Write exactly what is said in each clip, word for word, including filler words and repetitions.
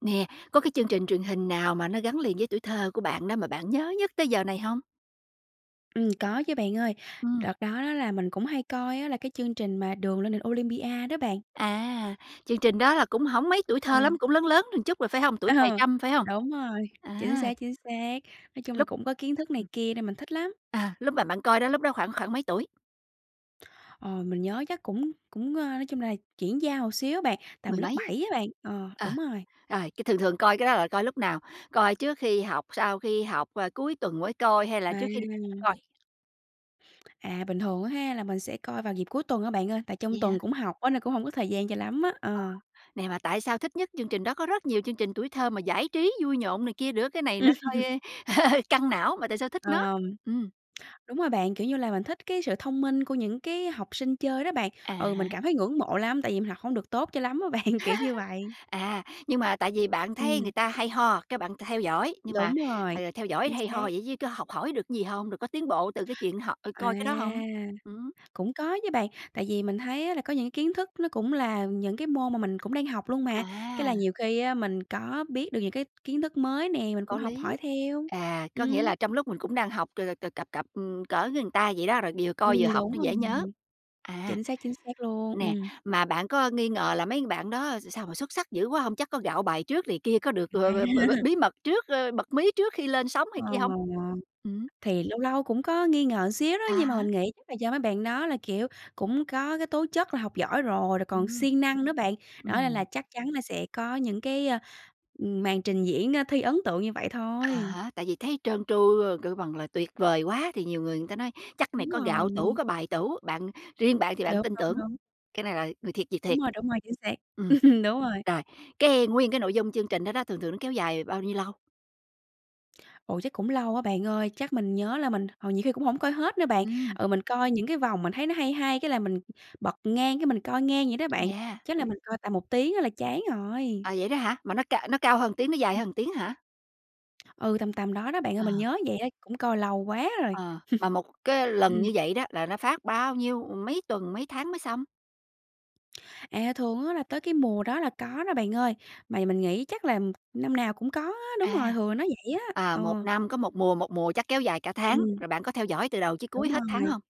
Nè, có cái chương trình truyền hình nào mà nó gắn liền với tuổi thơ của bạn đó mà bạn nhớ nhất tới giờ này hông? Ừm, có chứ, bạn ơi. Ừm. Đợt đó đó là mình cũng hay coi á, là cái chương trình mà "Đường lên đỉnh Olympia" đó bạn. À, chương trình đó là cũng hổng mấy tuổi thơ Ờ. lắm, cũng lớn lớn chút rồi, phải không? Tuổi Ờ, cài trâm, phải hông? đúng rồi, chính À. xác, chính xác. Nói chung là Lúc cũng có kiến thức này ừm kia nên mình thích lắm. À, lúc mà bạn coi đó, lúc đó khoảng khoảng mấy tuổi? Ờ, mình nhớ chắc cũng cũng ơ, nói chung là chuyển giao một xíu á bạn, tầm Mười lớp mấy. bảy á bạn. Ờ, Ờ, đúng rồi. rồi, cái, thường thường coi cái đó là coi lúc nào? Coi trước khi học, sau khi học, ờ, cuối tuần mới coi hay là À. trước khi đi coi? À, bình thường á ha, là mình sẽ coi vào dịp cuối tuần á, bạn ơi. Tại trong Vậy hả? tuần cũng học á, nên cũng không có thời gian cho lắm á. Ờ, Ờ. nè, mà tại sao thích nhất chương trình đó? Có rất nhiều chương trình tuổi thơ mà giải trí vui nhộn này kia nữa, cái này nó hơi căng não mà tại sao thích nó? Ờ, Ừm. đúng rồi bạn. Kiểu như là mình thích cái sự thông minh của những cái học sinh chơi đó bạn. À Ừ, mình há. cảm thấy ngưỡng mộ lắm tại vì mình học hông được tốt cho lắm á bạn, kiểu như vậy. À, nhưng mà tại vì bạn thấy Ừm. người ta hay ho, cái, bạn theo dõi, nhưng mà, Đúng rồi, ờ, theo dõi chính hay ho xác. vậy chứ có học hỏi được cái gì hông, rồi có tiến bộ từ cái chuyện họ ừ, À, coi cái đó hông? Ừm. cũng có chứ, bạn. Tại vì mình thấy á, là có những cái kiến thức nó cũng là những cái môn mà mình cũng đang học luôn mà. Cái À. là nhiều khi á, mình có biết được những cái kiến thức mới nè, mình cũng Có học lý. hỏi theo. À, có nghĩa Ừm. là trong lúc mình cũng đang học c c c cặp cặp, ừm, cỡ với người ta vậy đó, rồi vừa Ừm, coi vừa học đúng nó rồi. dễ nhớ. À, Chính xác, chính xác luôn. nè, Ừm. mà bạn có nghi ngờ là mấy bạn đó s sao mà xuất sắc dữ quá hông? Chắc có gạo bài trước này kia, có được b b b b À. bí mật trước, ơ, bật mí trước khi lên sóng này Ờ, kia hông? Ừm. thì lâu lâu cũng có nghi ngờ xíu đó À nhưng mà mình há. nghĩ chắc là do mấy bạn đó là, kiểu, cũng có cái tố chất là học giỏi rồi, rồi còn Ừm. siêng năng nữa bạn. Đó, nên là Ừm. chắc chắn là sẽ có những cái, ơ, ừm, màn trình diễn, ơ, thi ấn tượng như vậy À thôi. há, tại vì thấy trơn tru, ơ, kêu bằng là tuyệt vời quá thì nhiều người người ta nói: "Chắc cái này Đúng có gạo tủ, rồi. có bài tủ", bạn riêng bạn thì bạn Đúng, tin đúng, tưởng, đúng. cái này là người thiệt việc Đúng thiệt. rồi, đúng rồi, chính xác. Ừm. Ừm, đúng rồi. Rồi, cái nguyên cái nội dung chương trình đó đó, thường thường nó kéo dài bao nhiêu lâu? Ồ, chắc cũng lâu á bạn ơi, chắc mình nhớ là mình, ờ, nhiều khi cũng hổng coi hết nữa bạn. Ừm. Ờ, mình coi những cái vòng mình thấy nó hay hay cái là mình bật ngang cái mình coi ngang vậy đó bạn, Yeah. chắc là mình coi tầm một tiếng á là chán rồi. À, vậy đó hả? Mà nó c nó cao hơn một tiếng, nó dài Ừm. hơn một tiếng hả? Ừ, tầm tầm đó đó bạn ơi, Ờ. mình nhớ vậy á, cũng coi lâu quá rồi. Ờ, mà một cái lần Ừm. như vậy đó là nó phát bao nhiêu, ừm, mấy tuần, mấy tháng mới xong? À, thường á là tới cái mùa đó là có đó bạn ơi, mà mình nghĩ chắc là năm nào cũng có á. Đúng À. rồi, hừ nó vậy á. À, một Ờ. năm có một mùa, một mùa chắc kéo dài cả tháng, Ừm. rồi bạn có theo dõi từ đầu chí cuối Đúng hết tháng rồi. hông?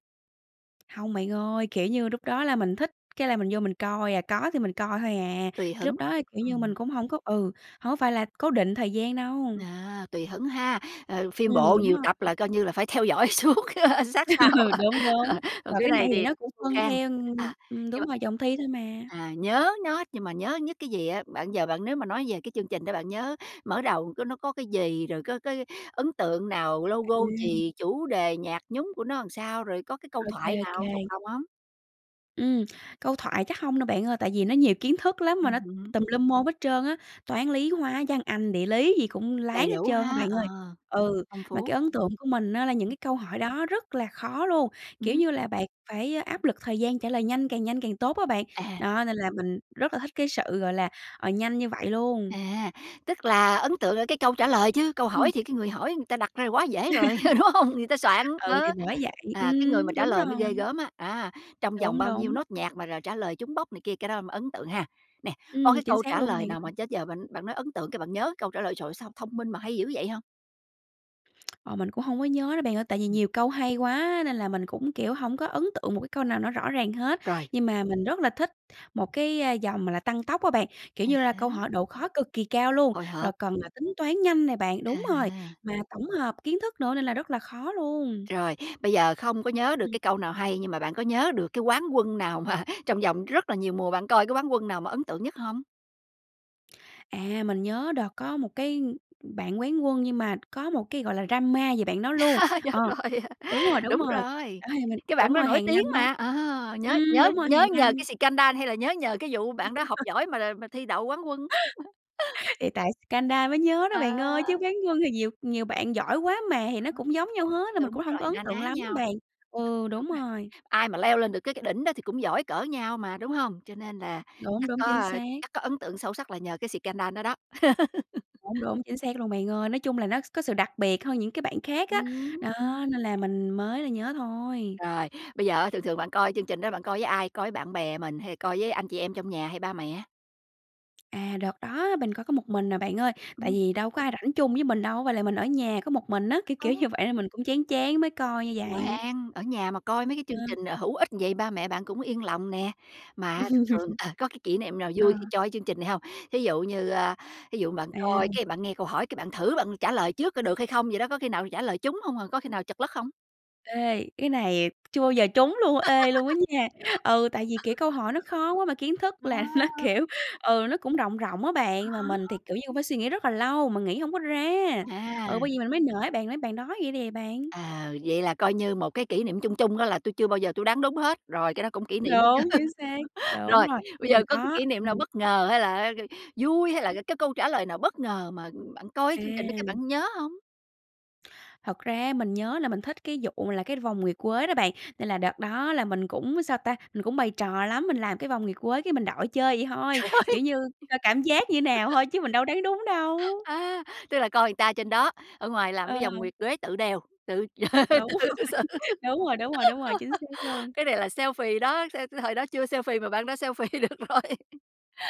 Hông bạn ơi, kiểu như, lúc đó là mình thích cái là mình vô mình coi à, có thì mình coi hôi à, Tùy hứng. lúc đó, kiểu như, mình Ừm. cũng hổng có, ừ, hổng có phải là cố định thời gian đâu. À, tùy hứng ha. Ờ, phim Ừm, bộ đúng nhiều rồi. tập Ừm. là, coi như là, phải theo dõi suốt, ơ, sát sao, Đúng đúng, còn mà cái cái này này thì thì nó cũng khô phân khan. theo, ừm, À, ừm, nhưng đúng mà rồi, vòng thi thôi mà. à, nhớ nó nhưng mà nhớ nhất cái gì á? Bạn giờ bạn nếu mà nói về cái chương trình đó bạn nhớ mở đầu có nó có cái gì, rồi có cái ấn tượng nào, logo [unintelligible] gì, chủ đề, nhạc nhúng của nó ừn sao, rồi có cái câu Ô kê, thoại ô nào thuộc kê. lòng hông? Ừm. Câu thoại chắc hông đâu, bạn ơi. Tại vì nó nhiều kiến thức lắm mà Ừm nó hứm. tùm lum môn hết trơn á. Toán, lý, hóa, văn, anh, địa lý gì cũng Đầy láng hết đủ trơn á, ha, bạn ờ, ơi. Ừ, phong mà phú. cái ấn tượng của mình á, là những cái câu hỏi đó rất là khó luôn, kiểu Ừm. như là, bạn phải áp lực thời gian trả lời nhanh, càng nhanh càng tốt á bạn. À! Đó, nên là mình rất là thích cái sự, gọi là, ờ, nhanh như vậy luôn. À, tức là ấn tượng ở cái câu trả lời, chứ câu Ừm. hỏi thì cái người hỏi người ta đặt ra quá dễ rồi, ừ, đúng hông? Người ta soạn, Ừ, ờ. thì bởi vậy. À, cái người Ừm, mà trả đúng lời mới ghê rồi. gớm á, á, trong vòng Đúng, bao nhiêu đúng. nốt nhạc mà r trả lời trúng bóc này kia, cái đó mới ấn tượng ha. Nè, có Ừm, cái chính câu xác trả luôn, lời bạn nào ơi. mà đến giờ bạn bạn nói ấn tượng cái bạn nhớ câu trả lời: "Trời ơi, sao thông minh mà hay dữ vậy!" hông? Ờ, mình cũng không có nhớ đó, bạn ơi. Tại vì Ừm. nhiều câu hay quá nên là mình cũng, kiểu, hổng có ấn tượng một cái câu nào nó rõ ràng hết. Rồi. Nhưng mà mình rất là thích một cái vòng mà là Tăng tốc á bạn, kiểu À như là câu há. hỏi độ khó cực kỳ cao luôn, Hồi rồi hộp. cần là tính toán nhanh nè bạn. Đúng rồi, À! mà tổng hợp kiến thức nữa nên là rất là khó luôn. Rồi. Bây giờ không có nhớ được Ừ. cái câu nào hay nhưng mà bạn có nhớ được cái quán quân nào mà trong vòng rất là nhiều mùa bạn coi, cái quán quân nào mà ấn tượng nhất hông? À, mình nhớ đợt có một cái bạn quán quân nhưng mà có một cái, gọi là, drama về bạn đó luôn. Nhớ Ờ, rồi. đúng rồi, đúng Đúng rồi, rồi, đó thì mình cái bạn đúng đó rồi nổi hàng năm tiếng á mà, ờ, nhớ ừm, nhớ đúng rồi nhớ hàng nhờ năm cái xì-căng-đan hay là nhớ nhờ cái vụ bạn đó học giỏi mà mà thi đậu quán quân. Thì tại xì-căng-đa mới nhớ đó bạn ơi, chứ À. quán quân thì nhiều nhiều bạn giỏi quá mà, thì nó cũng giống nhau hết nên mình cũng Đúng hông có rồi, ấn na tượng ná lắm á nhau. bạn. Ừ, đúng Đúng nè. rồi. Ai mà leo lên được cái cái đỉnh đó thì cũng giỏi cỡ nhau mà, đúng hông? Cho nên là Đúng, chắc đúng, chính có xác. chắc có ấn tượng sâu sắc là nhờ cái xì-căng-đan đó đó. Đúng, đúng, chính xác luôn, bạn ơi. Nói chung là nó có sự đặc biệt hơn những cái bạn khác á. Ừm. Đó, nên là mình mới là nhớ thôi. Rồi, bây giờ á, thường thường bạn coi chương trình đó bạn coi với ai? Coi với bạn bè mình hay coi với anh chị em trong nhà, hay ba mẹ? À, đợt đó mình coi có một mình à, bạn ơi, tại Ừm. vì đâu có ai rảnh chung với mình đâu, với lại mình ở nhà có một mình á, kiểu, kiểu [unintelligible] như vậy nên mình cũng chán chán mới coi như vậy. Ngoan, ở nhà mà coi mấy cái chương Ờ. trình hữu ích vậy ba mẹ bạn cũng yên lòng nè. Mà thường thường ờ, có cái kỷ niệm nào Ờ. vui khi coi cái chương trình này hông? Thí dụ như, a, thí dụ bạn À. coi cái, bạn nghe câu hỏi cái bạn thử bạn trả lời trước có được hay không vậy đó, có khi nào trả lời trúng hông à, có khi nào trật lất không? Ê, cái này chưa bao giờ trúng luôn. Ê, luôn á nha! Ừ, tại vì, kiểu, câu hỏi nó khó quá mà kiến thức là nó, Wow! kiểu, ừ, nó cũng rộng rộng á bạn và mình Khó. thì, kiểu như, cũng phải suy nghĩ rất là lâu mà nghĩ hổng có ra. Ừ, À. bởi vậy mình mới nể bạn á, bạn nói vậy nè bạn. Ờ, vậy là coi như một cái kỷ niệm chung chung đó là tui chưa bao giờ tui đoán đúng hết, rồi cái đó cũng kỷ niệm đó Đúng, chứ. chính xác. Đúng Rồi, rồi, bây nhưng mà giờ có cái có. kỷ niệm nào Ừm. bất ngờ hay là á k vui, hay là c cái câu trả lời nào bất ngờ mà, ừm, bạn coi cái chương trình đó cái À. bạn nhớ hông? Thật ra á mình nhớ là mình thích cái vụ là cái vòng nguyệt quế đó bạn, nên là đợt đó là mình cũng sao ta? Mình cũng bày trò lắm, mình làm cái vòng nguyệt quế cái mình đội chơi vậy thôi, Trời ơi! kiểu như, coi cảm giác như nào thôi, chứ mình đâu đoán đúng đâu. À, tức là coi người ta trên đó, ở ngoài làm Ờ. cái vòng nguyệt quế tự đeo, tự Đúng rồi, tự xử. đúng rồi, đúng rồi, đúng rồi. Chính xác luôn. Cái này là selfie đó, sao thời đó chưa selfie mà bạn đã selfie được rồi.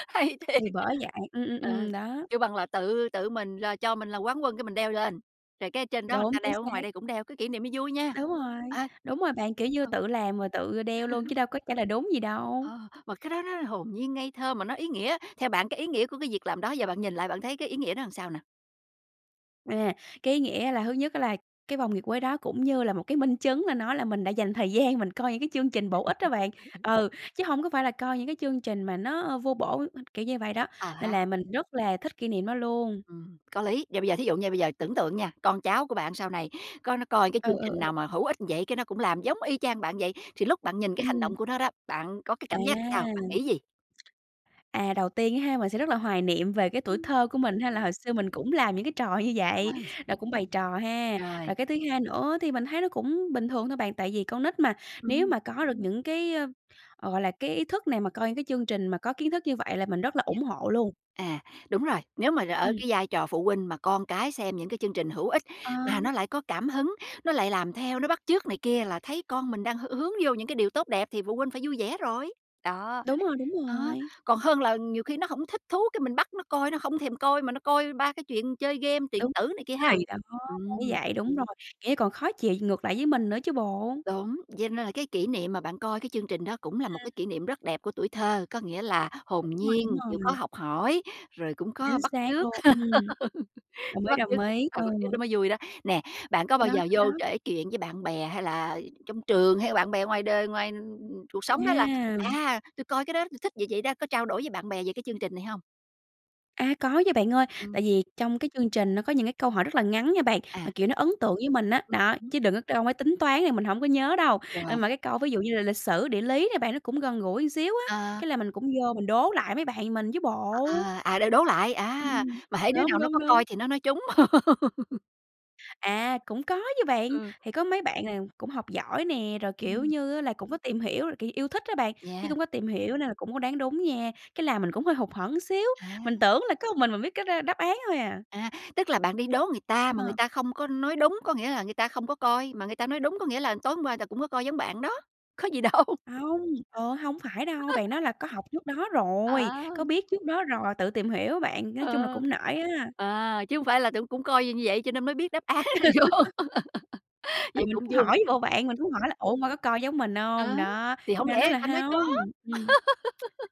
Hay thiệt! Thì bởi vậy. Ừm, ừm, Ờ, ừm, đó. kêu bằng là tự tự mình là cho mình là quán quân cái mình đeo lên. Rồi cái trên đó người Đúng, ta chính đeo, ở ngoài xác. đây cũng đeo, cái kỷ niệm này vui nha. Đúng rồi, À. đúng rồi bạn, kiểu như, Ừm. tự làm rồi tự, ơ, đeo luôn chứ đâu có trả lời đúng gì đâu. Ờ, mà cái đó nó hồn nhiên, ngây thơ mà nó ý nghĩa, theo bạn cái ý nghĩa của cái việc làm đó giờ bạn nhìn lại bạn thấy cái ý nghĩa đó làm sao nè? À, cái ý nghĩa là thứ nhất á là cái vòng nguyệt quế đó cũng như là một cái minh chứng là nó là mình đã dành thời gian, mình coi những cái chương trình bổ ích đó bạn. Ừ, chứ hông có phải là coi những cái chương trình mà nó, ơ, vô bổ h kiểu như vậy đó. Ờ Nên há. là mình rất là thích kỷ niệm đó luôn. Ừm, có lý. Và bây giờ thí dụ nha, bây giờ tưởng tượng nha, con cháu của bạn sau này có nó coi cái Ừ, chương ừ, trình ừ. nào mà hữu ích vậy cái nó cũng làm giống y chang bạn vậy. Thì lúc bạn nhìn cái hành động Ừm. của nó đó, bạn có cái À. cảm giác sao? Bạn nghĩ gì? À, đầu tiên á ha, mình sẽ rất là hoài niệm về cái tuổi Ưm. thơ của mình ha, là hồi xưa mình cũng làm những cái trò như vậy, [unintelligible] là cũng bày trò ha. Rồi. Rồi cái thứ hai nữa thì mình thấy nó cũng bình thường thôi bạn, tại vì con nít mà, nếu Ừm. mà có được những cái, ơ, gọi là, cái ý thức này, mà coi những cái chương trình mà có kiến thức như vậy là mình rất là Yeah. ủng hộ luôn. À, đúng rồi, nếu mà r ở Ừm. cái vai trò phụ huynh mà con cái xem những cái chương trình hữu ích, Ờ. mà nó lại có cảm hứng, nó lại làm theo, nó bắt chước này kia là thấy con mình đang h hướng vô những cái điều tốt đẹp, thì phụ huynh phải vui vẻ rồi. Đó, Đúng rồi, đúng ờ, rồi. còn hơn là nhiều khi nó hổng thích thú cái mình bắt nó coi, nó hông thèm coi mà nó coi ba cái chuyện chơi game, điện Đúng, tử này kia ha! thì đó, bởi Ừm. vậy, đúng rồi, nghĩa còn khó chịu ngược lại với mình nữa chứ bộ. Đúng, vậy nên là cái kỷ niệm mà bạn coi cái chương trình đó cũng là một Ừm. cái kỷ niệm rất đẹp của tuổi thơ. Có nghĩa là hồn Đúng rồi, đúng nhiên, chịu khó rồi. học hỏi, rồi cũng có Chính bắt xác trước, luôn, ừm. Đồng cái ý, bắt chước đồng ý, ờ, ừ. bắt chước nó mới vui đó. Nè, bạn có bao Đó, giờ vô đó, đó kể chuyện với bạn bè, hay là trong trường, hay là bạn bè ngoài đời, ngoài cuộc sống đó là, A. à, tui coi cái đó tui thích vậy vậy đó, có trao đổi với bạn bè về cái chương trình này hông? A, có nha bạn ơi, Ừm. tại vì trong cái chương trình nó có những cái câu hỏi rất là ngắn nha bạn, mà, À. kiểu, nó ấn tượng với mình á. Ừm Đó, hứm. chứ đừng có câu mấy tính toán thì mình hổng có nhớ đâu. Rồi. Ơ, mà cái câu ví dụ như là lịch sử, địa lý nè bạn, nó cũng gần gũi ừn xíu á, Ờ. cái là mình cũng vô mình đố lại mấy bạn mình chứ bộ. Ờ, à, đô đố lại, à, Ừm, mà hễ đứa đúng, nào nó đúng, có đúng. coi thì nó nói trúng. À, cũng có chứ bạn. Ừ. Thì có mấy bạn nào cũng học giỏi nè, rồi, kiểu Ừm. như á, là cũng có tìm hiểu là, kiểu, yêu thích á bạn, với Yeah. cũng có tìm hiểu nên là cũng có đoán đúng nha. Cái làm mình cũng hơi hụt hẫng xíu, À. mình tưởng là có một mình mình biết cái đ đáp án thôi à. À, tức là, bạn đi đố người ta mà người Ờ. ta không có nói đúng, có nghĩa là người ta không có coi, mà người ta nói đúng có nghĩa là tối hôm qua ta cũng có coi giống bạn đó, có gì đâu. Hông, ờ, hổng phải đâu, bạn đó là có học trước đó rồi, có À! biết trước đó rồi, tự tìm hiểu á bạn, nói chung là Ờ. cũng nể á. À, chứ hông phải là tưởng cũng coi như như vậy cho nên mới biết đáp án rồi vô. Ừ, Vậy mình cũng cũng hỏi vui. với bộ bạn, mình cũng hỏi là "Ủa, hôm qua có coi giống mình hông?" Đó, Đó, thì cái hổng lẽ bạn đó nói người là ta nói có. "hông". Ừm.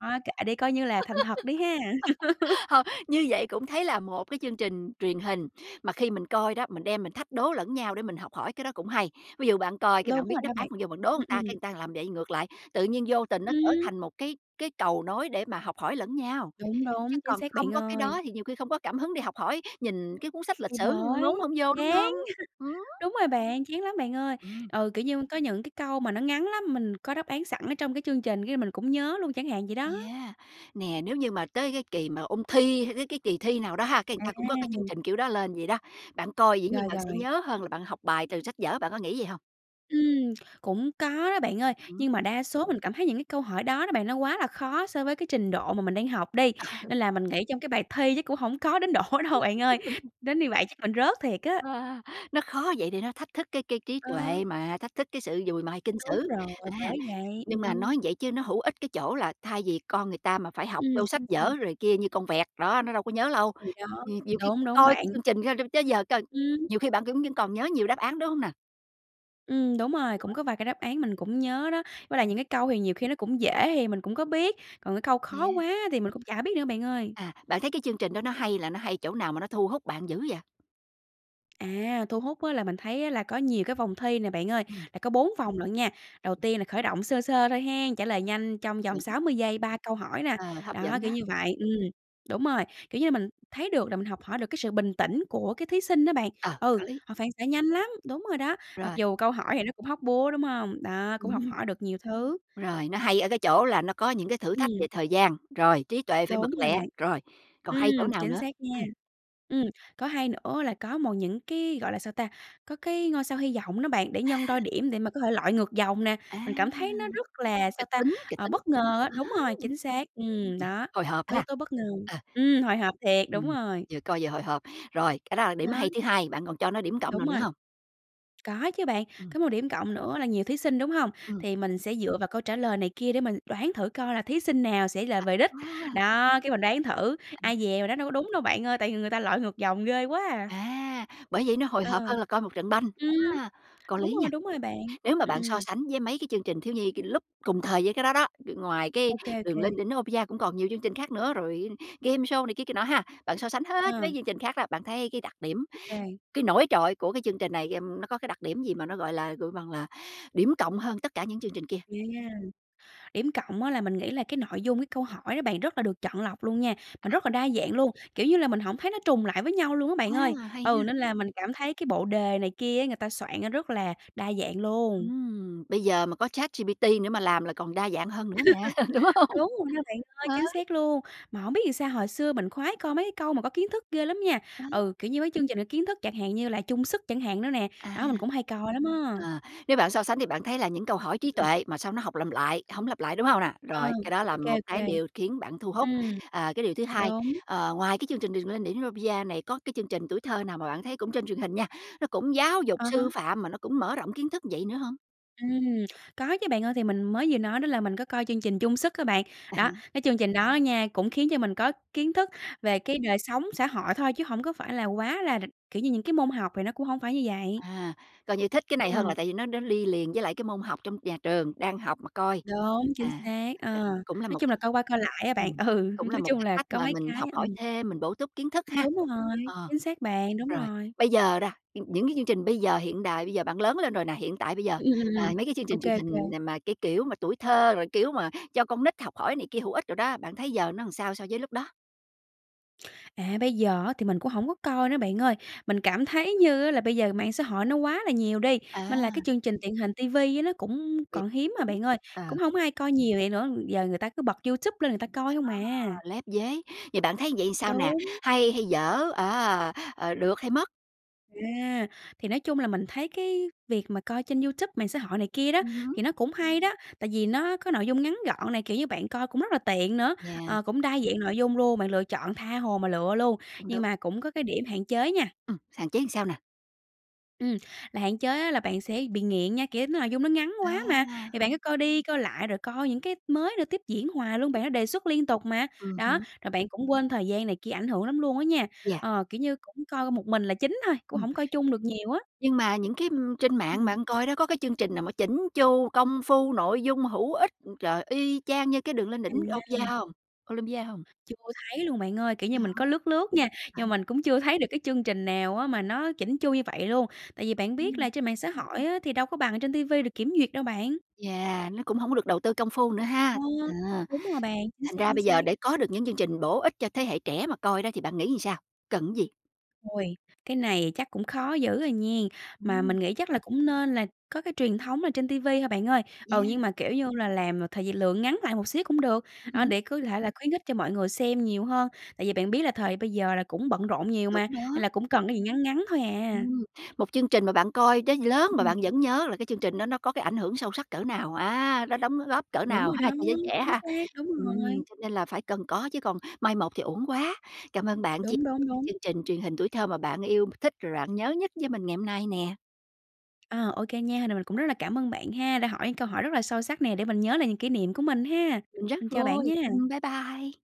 Thôi kệ đi, coi như là thành thật đi ha. Thôi, như vậy cũng thấy là một cái chương trình truyền hình mà khi mình coi đó, mình đem mình thách đố lẫn nhau để mình học hỏi, cái đó cũng hay. Ví dụ bạn coi cái Đúng bạn biết rồi đáp đó án, bạn. bạn vô bạn đố Ừm, ừn ta, cái ừm. ừn ta làm vậy ngược lại, tự nhiên vô tình nó trở Ừm. thành một cái cái cầu nối để mà học hỏi lẫn nhau. Đúng, Chứ đúng, chính còn xác không bạn có cái ơi. đó thì nhiều khi không có cảm hứng để học hỏi, nhìn cái cuốn sách lịch Thì sử ngốn bởi, hổng vô, đúng chán. hông? Ừm. Đúng rồi bạn, chán lắm bạn ơi. Ừm. Ừ, kiểu như, có những cái câu mà nó ngắn lắm, mình có đáp án sẵn ở trong cái chương trình cái mình cũng nhớ luôn, chẳng hạn vậy đó. Yeah, nè, nếu như mà tới cái kỳ mà ôn thi, hay tới cái kỳ thi nào đó ha, cái ừn ta cũng có cái chương À! trình kiểu đó lên vậy đó, bạn coi dĩ nhiên Rồi, bạn sẽ rồi. nhớ hơn là bạn học bài từ sách vở, bạn có nghĩ vậy hông? Ừm, cũng có đó, bạn ơi. Ừm hứm. Nhưng mà đa số mình cảm thấy những cái câu hỏi đó đó bạn, nó quá là khó so với cái trình độ mà mình đang học đi. Ờ. Nên là mình nghĩ trong cái bài thi chắc cũng hổng có đến độ đâu bạn ơi, đến như vậy chắc mình rớt thiệt á. Ờ, nó khó vậy để nó thách thức cái cái trí Ờ. tuệ mà, thách thức cái sự dùi mài kinh Đúng sử. rồi, À, bởi vậy, nhưng mà ừm. nói vậy chứ nó hữu ích cái chỗ là thay vì con người ta mà phải học Ừm. vô sách Sao, sao? vở rồi kia như con vẹt, đó, nó đâu có nhớ lâu, Thì đó, nh nhiều khi đúng, đúng coi bạn. cái chương trình [unintelligible] tới giờ coi Ừm. nhiều khi bạn cẫn vẫn còn nhớ nhiều đáp án, đúng hông nà? Ừm, đúng rồi. Cũng có vài cái đáp án mình cũng nhớ đó, với lại Ừm. những cái câu thì nhiều khi nó cũng dễ hì mình cũng có biết, còn cái câu khó Yeah. quá thì mình cũng chả biết nữa, bạn ơi. À, bạn thấy cái chương trình đó nó hay là nó hay chỗ nào mà nó thu hút bạn dữ vậy? À, thu hút á là mình thấy á là có nhiều cái vòng thi nè, bạn ơi, Ừm. là có bốn vòng lận nha. Đầu tiên là khởi động sơ sơ thôi hen, trả lời nhanh trong vòng Chuẩn. sáu mươi giây, ba câu hỏi nà. Ờ, hấp Đó, dẫn đó. kiểu như vậy. Ừm, đúng rồi, kiểu như mình thấy được là mình học hỏi được cái sự bình tĩnh của cái thí sinh đó bạn. Ờ, Ừ, có lý. họ phản xạ nhanh lắm, đúng rồi đó, mặc Rồi. dù câu hỏi thì nó cũng hóc búa, đúng hông? Đó, cũng học Ừm. hỏi được nhiều thứ. Rồi, nó hay ở cái chỗ là nó có những cái thử thách về Ừm. thời gian, rồi trí tuệ phải bật Đúng rồi lẹ, bạn. rồi còn hay chỗ Ừm, nào chính nữa? xác nha. Ừm. Ừm, có hay nữa là có một những cái, gọi là, sao ta? Có cái ngôi sao hy vọng đó bạn, để nhân đôi điểm để mà có thể lội ngược dòng nè. Á, Mình cảm thấy nó rất là, sao kịch ta? tính, kịch Ờ, tính bất ngờ á, đúng rồi, [unintelligible] chính xác, ừm, đó, hồi hộp có yếu ha. tố bất ngờ. Ờ Ừm, hồi hộp thiệt, đúng Ừm, rồi. vừa coi vừa hồi hộp. Rồi, cái đó là điểm Đó. hay thứ 2, bạn còn cho nó điểm cộng nào Đúng nữa rồi. hông? Có chứ bạn. Ừm. Có một điểm cộng nữa là nhiều thí sinh, đúng hông? Ừm. Thì mình sẽ dựa vào câu trả lời này kia để mình đoán thử coi là thí sinh nào sẽ là về đích. [unintelligible] Đó, cái mình đoán thử, ai dè mình đoán đâu có đúng đâu, bạn ơi, tại vì người ta lội ngược dòng ghê quá à. À, bởi vậy nó hồi Ờ. hộp hơn là coi một trận banh, Ừm, á, có đúng lý nha. rồi, đúng rồi bạn. Nếu mà Ừm, bạn so ừm. sánh với mấy cái chương trình thiếu nhi c lúc cùng thời với cái đó đó, ngoài cái Ô kê, ô "Đường lên kê. đỉnh Olympia" cũng còn nhiều chương trình khác nữa rồi game show này kia kia nọ ha. Bạn so sánh hết Ờ. mấy chương trình khác đó, bạn thấy cái đặc điểm, Ô kê. cái nổi trội của cái chương trình này, ừm, nó có cái đặc điểm gì mà nó, gọi là, gọi bằng là, điểm cộng hơn tất cả những chương trình kia? Ghê nha, điểm cộng á là mình nghĩ là cái nội dung, cái câu hỏi đó bạn rất là được chọn lọc luôn nha, mà rất là đa dạng luôn, kiểu như là, mình hổng thấy nó trùng lại với nhau luôn á bạn ơi. A, hay Ừ, ha. nên là mình cảm thấy cái bộ đề này kia á, người ta soạn nó rất là đa dạng luôn. Ừm, bây giờ mà có ChatGPT nữa mà làm là còn đa dạng hơn nữa nè, đúng hông? Đúng rồi nha bạn ơi, Ờ. chính xác luôn. Mà hổng biết vì sao hồi xưa mình khoái coi mấy cái câu mà có kiến thức ghê lắm nha. Ờ. Ừ, kiểu như mấy chương trình có kiến thức chẳng hạn như là "Chung sức" chẳng hạn nữa nè. À. Đó, mình cũng hay coi lắm á. Ờ, nếu bạn so sánh thì bạn thấy là những câu hỏi trí Ừm. tuệ mà sao nó học làm lại hổng lặp lại, đúng hông nà? Ờ. Rồi, cái đó Ô là kê, một ô cái kê. điều khiến bạn thu hút. Ừm, Ờ, cái điều thứ 2, đúng. ờ, ngoài cái chương trình "Đường lên đỉnh Olympia" này có cái chương trình tuổi thơ nào mà bạn thấy cũng trên truyền hình nha, nó cũng giáo dục À há. sư phạm mà nó cũng mở rộng kiến thức vậy nữa hông? Ừm, có chứ bạn ơi, thì mình mới vừa nói đó là mình có coi chương trình "Chung sức" á bạn. À Đó, há. cái chương trình đó á nha cũng khiến cho mình có kiến thức về cái đời sống xã hội thôi, chứ hổng có phải là quá là đ kiểu như, những cái môn học thì nó cũng hổng phải như vậy. À, coi như thích cái này hơn là Ừm. tại vì nó nó đi liền với lại cái môn học trong nhà trường đang học mà coi. Đúng, chính À, xác. Ờ, ờ, cũng là nói một chung cái là coi qua coi lại á bạn. ừm, Ừ, cũng là nói một chung cái là cách có mà mấy mình cái. học hỏi Ừm. thêm, mình bổ túc kiến thức ha. Đúng rồi, Ờ. chính xác bạn, đúng Rồi, rồi. bây giờ ra nh những cái chương trình bây giờ hiện đại, bây giờ bạn lớn lên rồi nè, hiện tại bây giờ, Ừm, ừm, ừm, à, ừm. mấy cái chương Ô trình truyền kê, ô kê. hình nà mà cái kiểu mà tuổi thơ, rồi kiểu mà cho con nít học hỏi này kia hữu ích đồ đó, bạn thấy giờ nó làm sao so với lúc đó? À, bây giờ á thì mình cũng hổng có coi nữa bạn ơi. Mình cảm thấy như á là bây giờ mạng xã hội nó quá là nhiều đi, mên là cái À. chương trình truyền hình ti vi á nó cũng Bị còn hiếm mà đúng. bạn ơi, Ờ. cũng hổng ai coi nhiều vậy nữa, gi giờ người ta cứ bật YouTube lên người ta À, coi không à. lép vế, thì bạn thấy vậy sao nè? Đúng. Hay hay dở? À, ờ, được hay mất? À, thì nói chung là mình thấy cái việc mà coi trên YouTube, mạng xã hội này kia đó, Ừm hứm. thì nó cũng hay đó, tại vì nó có nội dung ngắn gọn nè, kiểu như, bạn coi cũng rất là tiện nữa, Yeah. ờ, cũng đa dạng nội dung luôn, bạn lựa chọn tha hồ mà lựa luôn, Cũng nhưng đúng. mà cũng có cái điểm hạn chế nha. Ừm, hạn chế làm sao nè? Ừm, là hạn chế á, là bạn sẽ bị nghiện nha, kiểu nội dung nó ngắn quá mà, À. thì bạn cứ coi đi coi lại, rồi coi những cái mới nữa tiếp diễn hoài luôn bạn, nó đề xuất liên tục mà. Ừm Đó, hứm. rồi bạn cũng quên thời gian này kia, ảnh hưởng lắm luôn á nha. Yeah. Ờ, kiểu như cũng coi một mình là chính thôi, cũng Ừm. hổng coi chung được nhiều á. Nhưng mà những cái, ừm, trên mạng Ừm. bạn coi đó có cái chương trình nào mà chỉn chu, công phu, nội dung hữu ích, trời, y chang như cái Đường lên đỉnh Opia À. hông Olympia hông? Chưa thấy luôn bạn ơi. Kiểu như Đó. mình có lướt lướt nha, À nhưng ha. mà mình cũng chưa thấy được cái chương trình nào á, mà nó chỉn chu như vậy luôn. Tại vì bạn biết Ừm. là trên mạng xã hội á, thì đâu có bằng ở trên ti vi được kiểm duyệt đâu bạn. Yeah, nó cũng hổng có được đầu tư công phu nữa Ờ, ha. À, đúng rồi bạn, chính thành xác, ra chính bây giờ xác. để có được những chương trình bổ ích cho thế hệ trẻ mà coi đó thì bạn nghĩ làm sao? Cần cái gì? Ôi, cái này chắc cũng khó dữ à nghen. Mà Ừm. mình nghĩ chắc là cũng nên là có cái truyền thống là trên ti vi thôi bạn ơi. Ừ, nhưng Yeah! mà kiểu như là làm là thời gi lượng ngắn lại một xíu cũng được, Ừm à, hứm. để cứ thể là khuyến khích cho mọi người xem nhiều hơn. Tại vì bạn biết là thời bây giờ là cũng bận rộn nhiều Đúng mà, nên là đó. cũng cần cái gì ngắn ngắn thôi à. Ừm, một chương trình mà bạn coi tới lớn mà Ừm. bạn vẫn nhớ là cái chương trình đó nó có cái ảnh hưởng sâu sắc cỡ nào, à, nó đóng góp cỡ Đúng nào rồi ha, đó, cho giới trẻ chính ha. xác, đúng Ừm, rồi. cho nên là phải cần có chứ còn mai một thì uổng quá. Cảm ơn bạn chia Đúng, đúng, đúng. chương trình truyền hình tuổi thơ mà bạn yêu m thích rồi bạn nhớ nhất với mình ngày hôm nay nè. À, ô kê nha, rồi mình cũng rất là cảm ơn bạn ha, đã hỏi những câu hỏi rất là sâu sắc nè để mình nhớ lại những kỷ niệm của mình ha. Mình rất Mình chào bạn vui, nha! ừm, bye bye!